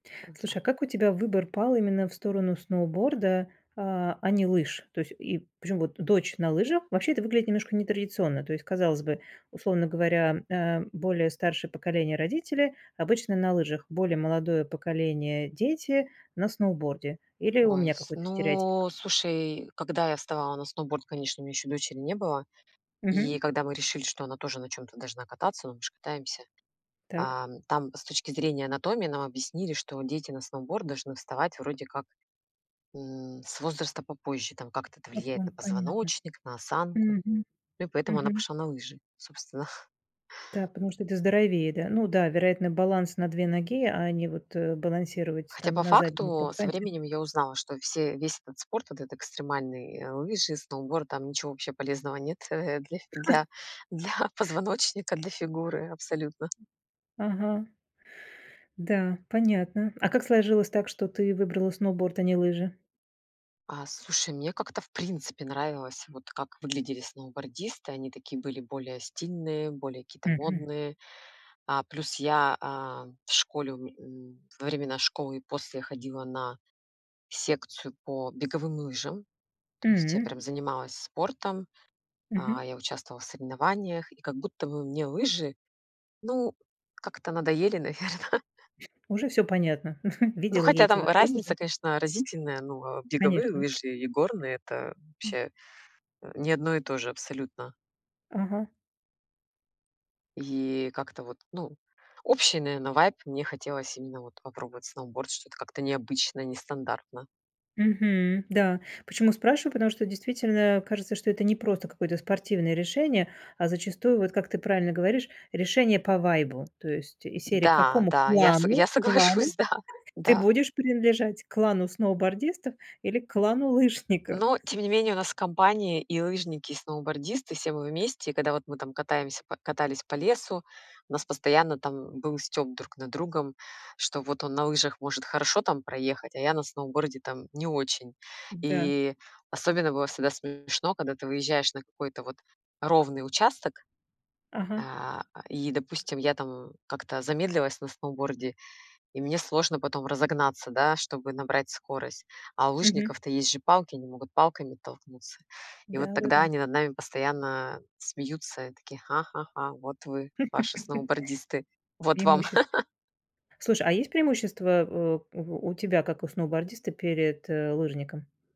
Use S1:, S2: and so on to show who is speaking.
S1: Э, там.
S2: Слушай, а как у тебя выбор пал именно в сторону сноуборда, а а не лыж? То есть и Причём вот дочь на лыжах. Вообще это выглядит немножко нетрадиционно, то есть казалось бы, условно говоря, э, более старшее поколение- родители- обычно на лыжах, более молодое поколение- дети- на сноуборде. Или у
S1: Ой,
S2: меня
S1: с
S2: какой-то стереотип?
S1: ну слушай, когда я вставала на сноуборд, конечно, у меня ещё дочери не было,
S2: Мгм.
S1: и когда мы решили, что она тоже на чём-то должна кататься, ну мы ж катаемся.
S2: Так.
S1: Ам, там с точки зрения анатомии нам объяснили, что дети на сноуборд должны вставать вроде как, м, с возраста попозже, там как-то это
S2: По по
S1: влияет на
S2: понятно.
S1: позвоночник, на осанку,
S2: Мгм,
S1: ну и поэтому она
S2: мгм.
S1: пошла на лыжи, собственно.
S2: Да, потому что это здоровее, да. Ну да, вероятно, баланс на 2 ноги, а не, вот, э, балансировать
S1: Хотя
S2: там,
S1: по
S2: на заднем там
S1: факту со
S2: канте.
S1: временем я узнала, что все весь этот спорт, этот экстремальный: э, лыжи, сноуборд- там ничего вообще полезного нет, э, э, для для для позвоночника, для фигуры абсолютно.
S2: Ага. Да, понятно. А как сложилось так, что ты выбрала сноуборд, а не лыжи?
S1: А, слушай мне как-то в принципе нравилось вот, как выглядели сноубордисты, они такие были более стильные, более какие-то
S2: Мгм.
S1: модные. А, плюс я, а, в школе, у у, во времена школы и после ходила на секцию по беговым лыжам, то есть я
S2: М.
S1: прям занималась спортом,
S2: Мгм.
S1: а, я участвовала в соревнованиях, и как будто бы мне лыжи, ну, как-то надоели, наверно.
S2: Уже всё понятно.
S1: Ну,
S2: Видела я
S1: хотя
S2: эти
S1: там
S2: ваши
S1: разница,
S2: лужи.
S1: конечно, разительная, но беговые
S2: Конечно.
S1: лыжи и горные- это,
S2: М.
S1: вообще, э, не одно и то же абсолютно.
S2: Ага.
S1: И как-то вот, ну, общий, наверное, вайб, мне хотелось именно вот попробовать сноуборд, что-то как-то необычно, нестандартно.
S2: Мгм, да. Почему спрашиваю? Потому что действительно кажется, что это не просто какое-то спортивное решение, а зачастую, вот как ты правильно говоришь, решение по вайбу. То есть из серии: к
S1: Да,
S2: какому
S1: да, я со
S2: клану
S1: я
S2: клану
S1: соглашусь, да,
S2: ты
S1: да.
S2: будешь принадлежать, к клану сноубордистов или клану лыжников?
S1: Но тем не менее у нас компания- и лыжники, и сноубордисты, все мы вместе. И когда вот мы там катаемся по катались по лесу, у нас постоянно там был стёб друг над другом, что вот он на лыжах может хорошо там проехать, а я на сноуборде там не очень.
S2: Да.
S1: И особенно было всегда смешно, когда ты выезжаешь на какой-то вот ровный участок,
S2: Ага.
S1: а, а, и, допустим, я там как-то замедлилась на сноуборде, и мне сложно потом разогнаться, да, чтобы набрать скорость, а у
S2: Мгм.
S1: лыжников-то есть же палки, они могут палками оттолкнуться, и вот тогда
S2: Да-да-да.
S1: они над нами постоянно смеются, и такие: "Ха-ха-ха, вот вы, ваши сноубордисты, вот вам".
S2: Преимущество. Слушай, а есть преимущества, э, у у тебя как у сноубордиста перед, э, лыжником?